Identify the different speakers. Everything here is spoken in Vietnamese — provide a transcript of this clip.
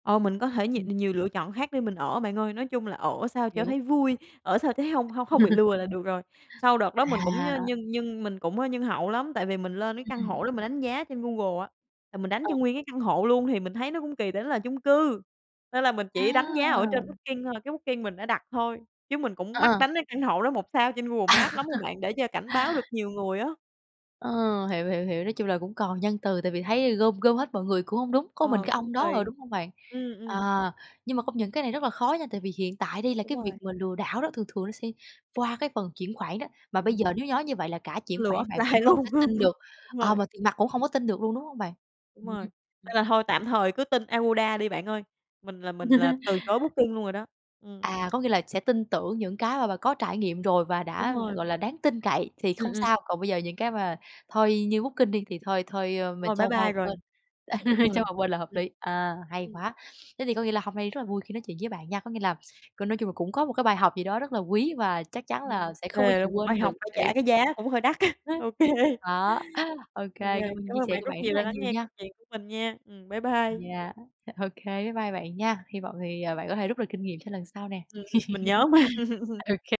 Speaker 1: Ờ, mình có thể nhì
Speaker 2: Ừm.
Speaker 1: nhiều lựa chọn khác để mình ở bạn ơi, nói chung là ở sao cho
Speaker 2: Hiếu.
Speaker 1: thấy vui, ở sao thấy hông hông không bị lừa là được rồi. Sau đợt đó mình cũng nh
Speaker 2: À.
Speaker 1: nhân nhân mình cũng nhân hậu lắm tại vì mình lên cái căn
Speaker 2: Ừm.
Speaker 1: hộ đó mình đánh giá trên Google á là mình đánh
Speaker 2: Ờ.
Speaker 1: cho nguyên cái căn hộ luôn thì mình thấy nó cũng kỳ, tại nó là chung cư nên là mình chỉ đánh giá ở trên
Speaker 2: À!
Speaker 1: Booking thôi, cái Booking mình đã đặt thôi chứ mình cũng
Speaker 2: Ờ,
Speaker 1: mắc
Speaker 2: ờ.
Speaker 1: đánh cái căn hộ đó 1 sao trên Google Maps lắm rồi bạn để cho cảnh báo được nhiều người á.
Speaker 2: Ờ, hiểu, hiểu, hiểu, nói chung là cũng còn nhân từ tại vì thấy gom gom hết mọi người cũng hông đúng, có mình
Speaker 1: Ờ,
Speaker 2: cái
Speaker 1: cũng
Speaker 2: ông đó, ờ,
Speaker 1: kỳ.
Speaker 2: đúng hông bạn?
Speaker 1: Ừm, ừm.
Speaker 2: Ờ, nhưng mà công nhận cái này rất là khó nha tại vì hiện tại đi là
Speaker 1: Đúng
Speaker 2: cái việc
Speaker 1: rồi.
Speaker 2: mà lừa đảo đó thường thường nó sẽ qua cái phần chuyển khoản đó mà bây giờ
Speaker 1: Ừm.
Speaker 2: nếu như nói như vậy là cả chuyển
Speaker 1: Lừa
Speaker 2: khoản bạn cũng
Speaker 1: offline
Speaker 2: không thể
Speaker 1: luôn,
Speaker 2: tin được,
Speaker 1: đúng
Speaker 2: ờ,
Speaker 1: rồi.
Speaker 2: mà tiền mặt cũng không có tin được luôn, đúng hông bạn?
Speaker 1: Đúng
Speaker 2: Ừm,
Speaker 1: rồi,
Speaker 2: ừm.
Speaker 1: nên là thôi tạm thời cứ tin Agoda đi bạn ơi, mình là mình là từ chối Booking luôn rồi đó. Ừm.
Speaker 2: À, có nghĩa là sẽ tin tưởng những cái mà bà có trải nghiệm rồi và
Speaker 1: Đúng
Speaker 2: đã,
Speaker 1: rồi.
Speaker 2: gọi là, đáng tin cậy thì
Speaker 1: Ừm,
Speaker 2: không
Speaker 1: ừm.
Speaker 2: sao, còn bây giờ những cái mà thôi như Booking đi thì thôi thôi, ơ, mình
Speaker 1: Rồi,
Speaker 2: cho
Speaker 1: bye
Speaker 2: qua một
Speaker 1: bye rồi,
Speaker 2: bên,
Speaker 1: đúng
Speaker 2: cho
Speaker 1: rồi,
Speaker 2: một bên là hợp
Speaker 1: ừm.
Speaker 2: lý, à, hay
Speaker 1: Ừm.
Speaker 2: quá! Thế thì có nghĩa là hôm nay rất là vui khi nói chuyện với bạn nha. Có nghĩa là, có nói chung là cũng có một cái bài học gì đó rất là quý và chắc chắn là
Speaker 1: Ừm,
Speaker 2: sẽ không bao
Speaker 1: thề
Speaker 2: giờ
Speaker 1: luôn một
Speaker 2: quên
Speaker 1: bài
Speaker 2: được
Speaker 1: học phải
Speaker 2: để
Speaker 1: trả cái giá cũng hơi đắt á, ô kê.
Speaker 2: Đó, ô
Speaker 1: Ô
Speaker 2: kê,
Speaker 1: kê,
Speaker 2: cảm ơn
Speaker 1: cảm
Speaker 2: chia
Speaker 1: ơn
Speaker 2: sẻ
Speaker 1: bạn
Speaker 2: của
Speaker 1: rất
Speaker 2: bạn rất
Speaker 1: nhiều đã
Speaker 2: là
Speaker 1: lắng
Speaker 2: nhiều
Speaker 1: nghe
Speaker 2: nha.
Speaker 1: câu chuyện của mình nha. Ừm, bye bye.
Speaker 2: Yeah, ô kê, bye bye bạn nha. Hi vọng thì, ờ, bạn có thể rút được kinh nghiệm cho lần sau nè.
Speaker 1: Ừm,
Speaker 2: ô
Speaker 1: mình nhớ mà.
Speaker 2: kê.